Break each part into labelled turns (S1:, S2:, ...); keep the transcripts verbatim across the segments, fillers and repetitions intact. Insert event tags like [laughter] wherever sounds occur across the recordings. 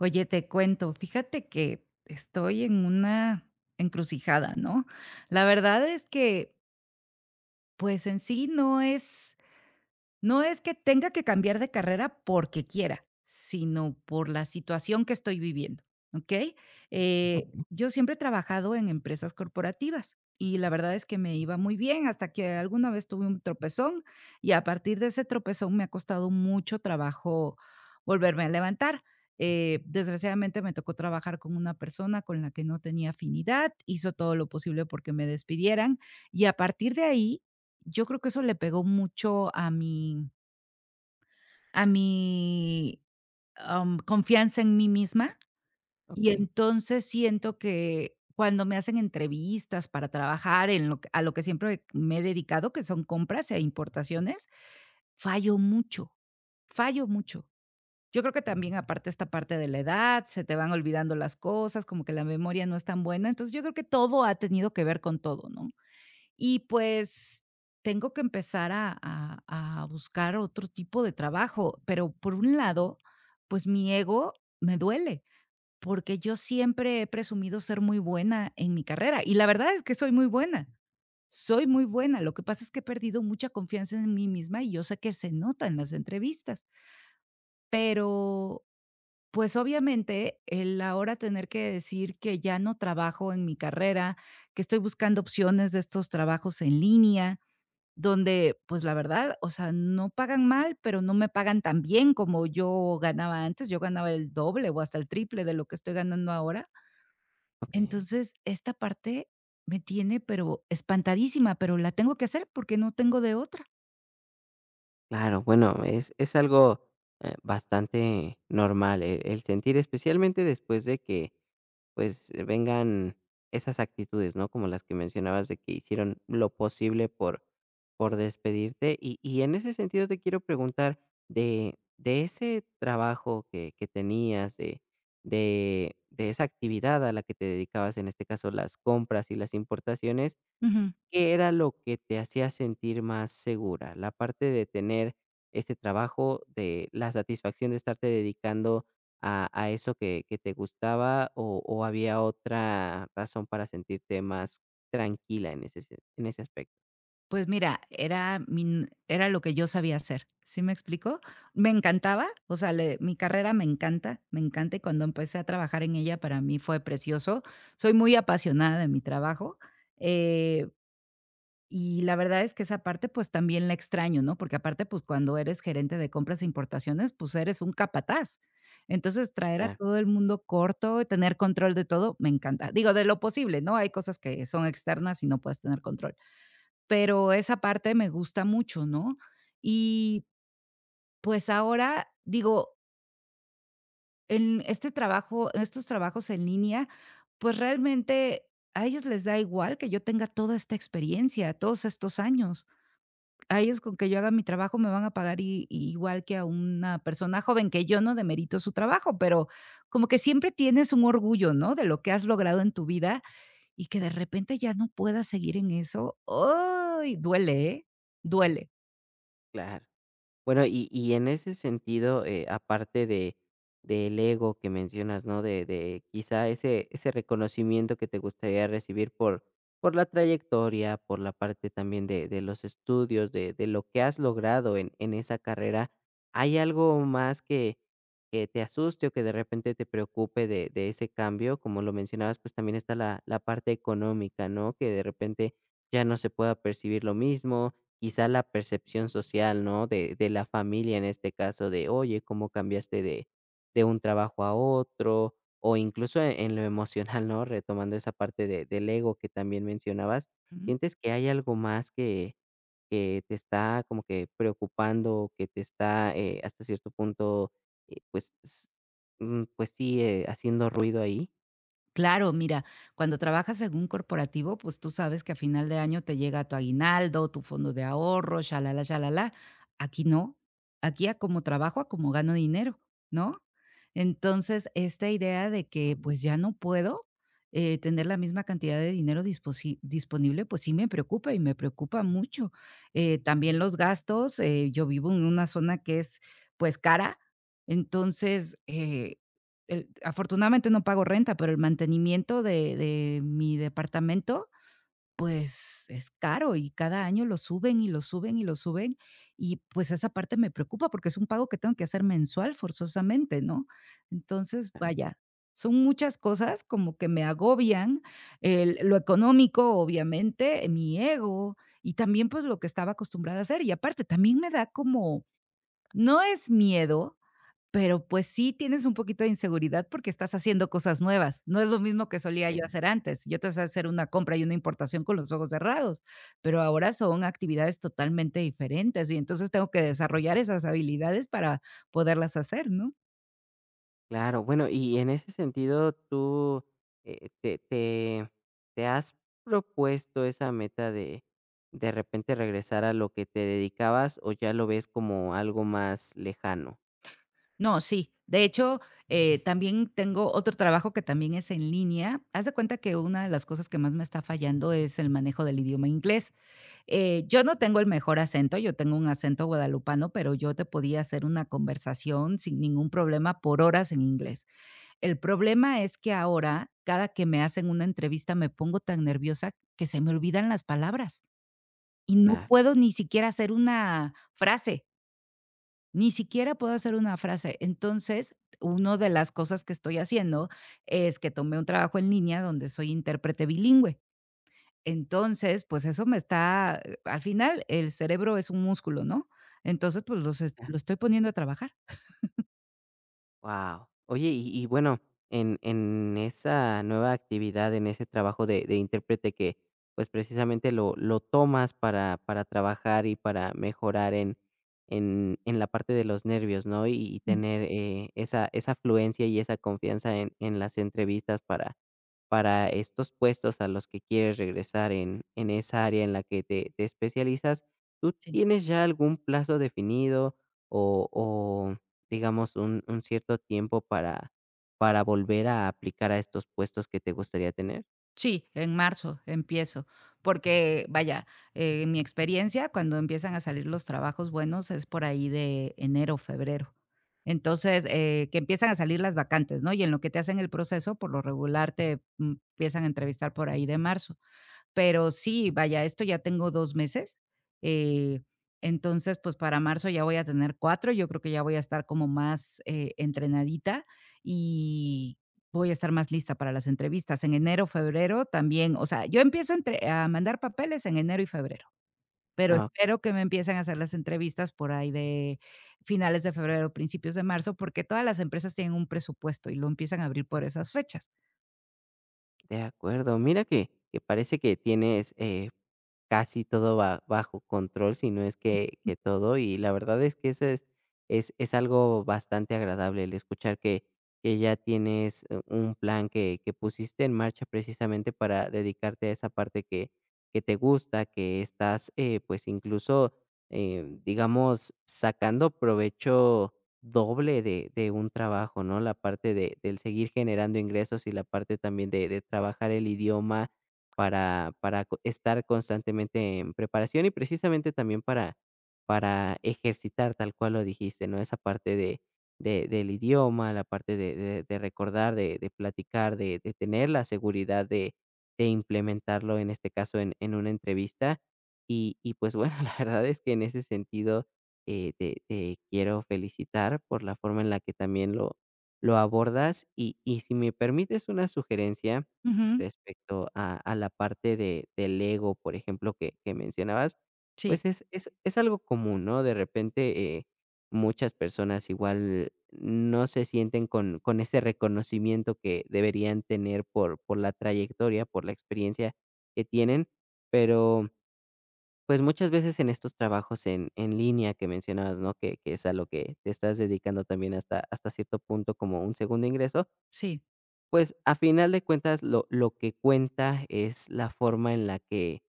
S1: Oye, te cuento. Fíjate que estoy en una, encrucijada, ¿no?, la verdad es que Pues, en sí no es no es, que tenga que cambiar de carrera porque quiera, sino por la situación que estoy viviendo, ¿okey?, eh,
S2: Okey.
S1: yo siempre he trabajado en empresas corporativas, y la verdad es que me iba muy bien, hasta que alguna vez tuve un tropezón, y a partir de ese tropezón me ha costado mucho trabajo volverme a levantar, eh, desgraciadamente me tocó trabajar con una persona con la que no tenía afinidad, hizo todo lo posible, porque me despidieran, y a partir de ahí, yo creo que eso le pegó mucho a mi a mi, am, confianza en mí misma, y
S2: Okey.
S1: entonces siento que, cuando me hacen entrevistas para trabajar en lo que a lo que siempre me he dedicado, que son compras e importaciones, fallo mucho, fallo mucho. Yo creo que también aparte, esta parte de la edad, se te van olvidando las cosas, como que la memoria no es tan buena, entonces yo creo que todo ha tenido que ver con todo, ¿no?, y pues, tengo que empezar a a a buscar otro tipo de trabajo, pero por un lado, pues, mi ego, me duele, porque, yo siempre he presumido ser muy buena en mi carrera y la verdad es que soy muy buena, soy muy buena, lo que pasa es que he perdido mucha confianza en mí misma, y yo sé que se nota en las entrevistas. Pero, pues, obviamente el ahora tener que decir que ya no trabajo en mi carrera, que estoy buscando opciones de estos trabajos en línea donde, pues, la verdad, o sea, no pagan mal, pero no me pagan tan bien como yo ganaba antes, yo ganaba el doble, o hasta el triple de lo que estoy ganando ahora
S2: Okey.
S1: entonces esta parte me tiene, pero espantadísima, pero la tengo que hacer, porque no tengo de otra.
S2: Claro. Bueno, es es algo, eh, bastante normal, eh, el sentir especialmente después de que, pues, vengan esas actitudes, ¿no?, como las que mencionabas, de que hicieron lo posible por por despedirte. Y y en ese sentido, te quiero preguntar, de de ese trabajo que que tenías, de de de esa actividad a la que te dedicabas, en este caso, las compras y las importaciones,
S1: Ujú.
S2: ¿qué era lo que te hacía sentir más segura, la parte de tener este trabajo, de la satisfacción de estarte dedicando a a eso que que te gustaba, o o había otra razón para sentirte más tranquila en ese se en ese aspecto?
S1: Pues, mira, era mi n era lo que yo sabía hacer, ¿sí me explicó? Me encantaba, o sea, le mi carrera me encanta, me encanta. Y cuando empecé a trabajar en ella, para mí fue precioso. Soy muy apasionada de mi trabajo, eh, y la verdad es que esa parte, pues, también la extraño, ¿no? Porque aparte, pues, cuando eres gerente de compras e importaciones, pues, eres un capataz. Entonces, traer a
S2: Claro.
S1: todo el mundo corto, tener control de todo, me encanta. Digo, de lo posible, ¿no?, hay cosas que son externas y no puedes tener control. Pero esa parte me gusta mucho, ¿no? Y, pues, ahora, digo En este trabajo en estos trabajos en línea, pues, realmente, a ellos les da igual que yo tenga toda esta experiencia, todos estos años. A ellos, con que yo haga mi trabajo, me van a pagar i igual que a una persona joven, que yo no demerito su trabajo, pero como que siempre tienes un orgullo, ¿no?, de lo que has logrado en tu vida, y que, de repente, ya no puedas seguir en eso, íay!, duele, ¿eh?, duele.
S2: Claro, bueno, y y en ese sentido, eh, aparte de del ego que mencionas, ¿no?, de de quizá, ese ese reconocimiento que te gustaría recibir por por la trayectoria, por la parte también de de los estudios, de de lo que has logrado en en esa carrera, ¿hay algo más que que te asuste, o que, de repente, te preocupe de de ese cambio? Como lo mencionabas, pues, también está la la parte económica, ¿no?, que, de repente, ya no se pueda percibir lo mismo, quizá, la percepción social, ¿no?, de de la familia en este caso, de: "Oye, ¿Cómo cambiaste de de un trabajo a otro?", o incluso en en lo emocional, ¿no?, retomando esa parte de del ego que también mencionabas,
S1: Ujú.
S2: ¿sientes que hay algo más que que te está como que preocupando, que te está, eh, hasta cierto punto, eh, pues, s mm, pues, sigue haciendo ruido ahí?
S1: Claro. Mira, cuando trabajas en un corporativo, pues, tú sabes que a final de año te llega tu aguinaldo, tu fondo de ahorro, shalalá shalalá. Aquí no. Aquí, a como trabajo, a como gano dinero, ¿no? Entonces esta idea de que, pues, ya no puedo, eh, tener la misma cantidad de dinero disposi disponible, pues, sí me preocupa, y me preocupa mucho, eh, también los gastos. Eh, yo vivo en una zona que es, pues, cara. Entonces, eh, el afortunadamente no pago renta, pero el mantenimiento de de mi departamento, pues, es caro, y cada año lo suben, y lo suben, y lo suben y, pues, esa parte me preocupa porque es un pago que tengo que hacer mensual, forzosamente, ¿no? Entonces,
S2: Ah.
S1: vaya, son muchas cosas como que me agobian el lo económico, obviamente, mi ego, y también, pues, lo que estaba acostumbrada a hacer. Y aparte también me da como, no es miedo, pero, pues, sí tienes un poquito de inseguridad, porque estás haciendo cosas nuevas. No es lo mismo que solía
S2: Sí.
S1: yo hacer antes. Yo te sé hacer una compra y una importación con los ojos cerrados, pero ahora son actividades totalmente diferentes y, entonces, tengo que desarrollar esas habilidades para poderlas hacer, ¿no?
S2: Claro. Bueno, y y en ese sentido, ¿tú, eh, te te te has propuesto esa meta de de repente regresar a lo que te dedicabas, o ya lo ves como algo más lejano?
S1: No, sí, de hecho, eh, también tengo otro trabajo que también es en línea. Haz de cuenta que una de las cosas que más me está fallando es el manejo del idioma inglés, eh, yo no tengo el mejor acento. Yo tengo un acento guadalupano, pero yo te podía hacer una conversación sin ningún problema por horas en inglés. El problema es que ahora, cada que me hacen una entrevista, me pongo tan nerviosa que se me olvidan las palabras, y no
S2: [unintelligible]
S1: puedo ni siquiera hacer una frase. Ni siquiera puedo hacer una frase. Entonces uno de las cosas que estoy haciendo, es que tomé un trabajo en línea donde soy intérprete bilingüe. Entonces, pues, eso me está eh, al final el cerebro es un músculo, ¿no? Entonces, pues, los est lo estoy poniendo a trabajar. [chuckles]
S2: Wao. Oye, y y bueno, en en esa nueva actividad, en ese trabajo de de intérprete que, pues, precisamente lo lo tomas para para trabajar, y para mejorar en en la parte de los nervios, ¿no? Y y
S1: Ujú.
S2: tener, eh, esa esa afluencia, y esa confianza en en las entrevistas para para estos puestos a los que quieres regresar, en en esa área en la que te te especializas. ¿Tú
S1: Sí.
S2: tienes ya algún plazo definido, o o, digamos, un un cierto tiempo para para volver a aplicar a estos puestos que te gustaría tener?
S1: Sí, en marzo empiezo, porque, vaya, eh, en mi experiencia, cuando empiezan a salir los trabajos buenos, es por ahí de enero o febrero. Entonces, eh, que empiezan a salir las vacantes, ¿no? Y en lo que te hacen el proceso, por lo regular, te, mm, empiezan a entrevistar por ahí de marzo. Pero sí, vaya, esto ya tengo dos meses. Eh, entonces, pues, para marzo, ya voy a tener cuatro. Yo creo que ya voy a estar como más, eh, entrenadita, y voy a estar más lista para las entrevistas. En enero o febrero también, o sea, yo empiezo entre a mandar papeles en enero y febrero, pero
S2: Ah.
S1: espero que me empiecen a hacer las entrevistas por ahí de finales de febrero, o principios de marzo, porque todas las empresas tienen un presupuesto, y lo empiezan a abrir por esas fechas.
S2: De acuerdo. Mira que que parece que tienes, eh, casi todo ba bajo control, si no es que que todo. Y la verdad es que eso es es es algo bastante agradable, el escuchar que que ya tienes, eh, un plan que que pusiste en marcha precisamente para dedicarte a esa parte que que te gusta, que estás, eh, pues, incluso, em, digamos, sacando provecho doble de de un trabajo, ¿no? La parte de del seguir generando ingresos y la parte, también, de de trabajar el idioma para para co estar constantemente en preparación. Y, precisamente, también para para ejercitar tal cual lo dijiste, ¿no?, Esa parte de de del idioma, la parte de de de recordar, de de platicar, de de tener la seguridad de de implementarlo, en este caso, en en una entrevista, y y, pues, bueno, la verdad es que, en ese sentido, eh, te te quiero felicitar por la forma en la que también lo lo abordas, y y si me permites una sugerencia,
S1: Ujú.
S2: respecto a a la parte de del ego, por ejemplo, que que mencionabas,
S1: Sí.
S2: pues, es es es algo común, ¿no? De repente, eh, muchas personas, igual, no se sienten con con ese reconocimiento que deberían tener por por la trayectoria, por la experiencia que tienen, pero, pues, muchas veces, en estos trabajos, en en línea que mencionabas, ¿no?, que que es a lo que te estás dedicando también, hasta hasta cierto punto como un segundo ingreso
S1: Sí.
S2: pues, a final de cuentas, lo lo que cuenta es la forma en la que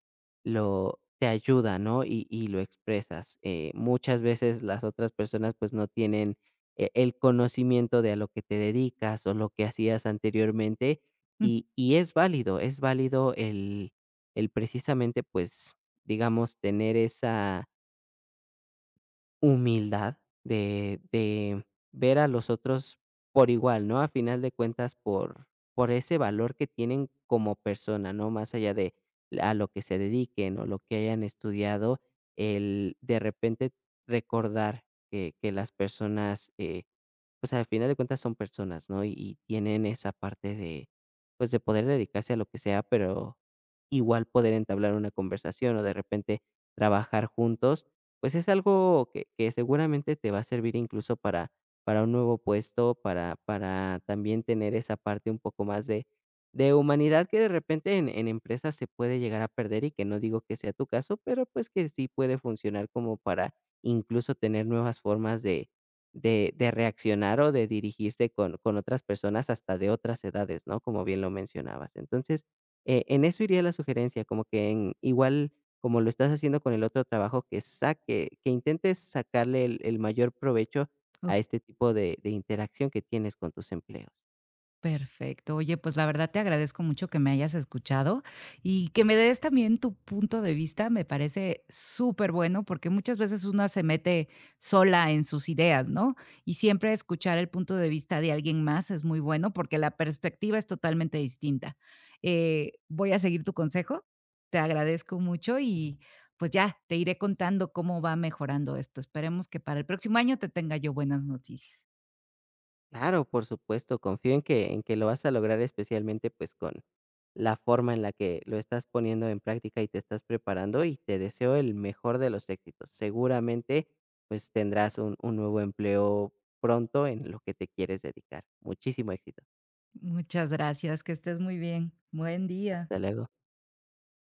S2: lo te ayuda, ¿no?, y y lo expresas, eh, muchas veces las otras personas, pues, no tienen, eh, el conocimiento de a lo que te dedicas, o lo que hacías anteriormente.
S1: Júm.
S2: Y y es válido. Es válido el el precisamente, pues, digamos tener esa humildad de de ver a los otros por igual, ¿no? Al final de cuentas, por por ese valor que tienen como persona, ¿no?, más allá de a lo que se dediquen, o lo que hayan estudiado el de repente recordar que que las personas, eh, pues, al final de cuentas son personas, ¿no? Y tienen esa parte de, pues, de poder dedicarse a lo que sea, pero igual poder entablar una conversación, o de repente, trabajar juntos, pues, es algo que que seguramente te va a servir incluso, para para un nuevo puesto, para para también tener esa parte un poco más de de humanidad, que de repente en en empresas se puede llegar a perder. Y que no digo que sea tu caso, pero, pues, que sí puede funcionar como para incluso tener nuevas formas de de de reaccionar, o de dirigirse con con otras personas hasta de otras edades, ¿no?, como bien lo mencionabas. Entonces, eh, en eso iría la sugerencia, como que en, igual como lo estás haciendo con el otro trabajo que saque que intentes sacarle el el mayor provecho
S1: [unintelligible]
S2: a este tipo de de interacción que tienes con tus empleos.
S1: Perfecto. Oye, pues, la verdad, te agradezco mucho que me hayas escuchado, y que me des también tu punto de vista. Me parece súper bueno, porque muchas veces una se mete sola en sus ideas, ¿no? Y siempre escuchar el punto de vista de alguien más es muy bueno, porque la perspectiva es totalmente distinta. Eh, voy a seguir tu consejo. Te agradezco mucho, y pues ya te iré contando cómo va mejorando esto. Esperemos que para el próximo año te tenga yo buenas noticias.
S2: Claro, por supuesto. Confío en que en que lo vas a lograr especialmente, pues con la forma en la que lo estás poniendo en práctica, y te estás preparando, y te deseo el mejor de los éxitos. Seguramente, pues tendrás un un nuevo empleo pronto en lo que te quieres dedicar. Muchísimo éxito.
S1: Muchas gracias. Que estés muy bien. Buen día.
S2: Hasta luego.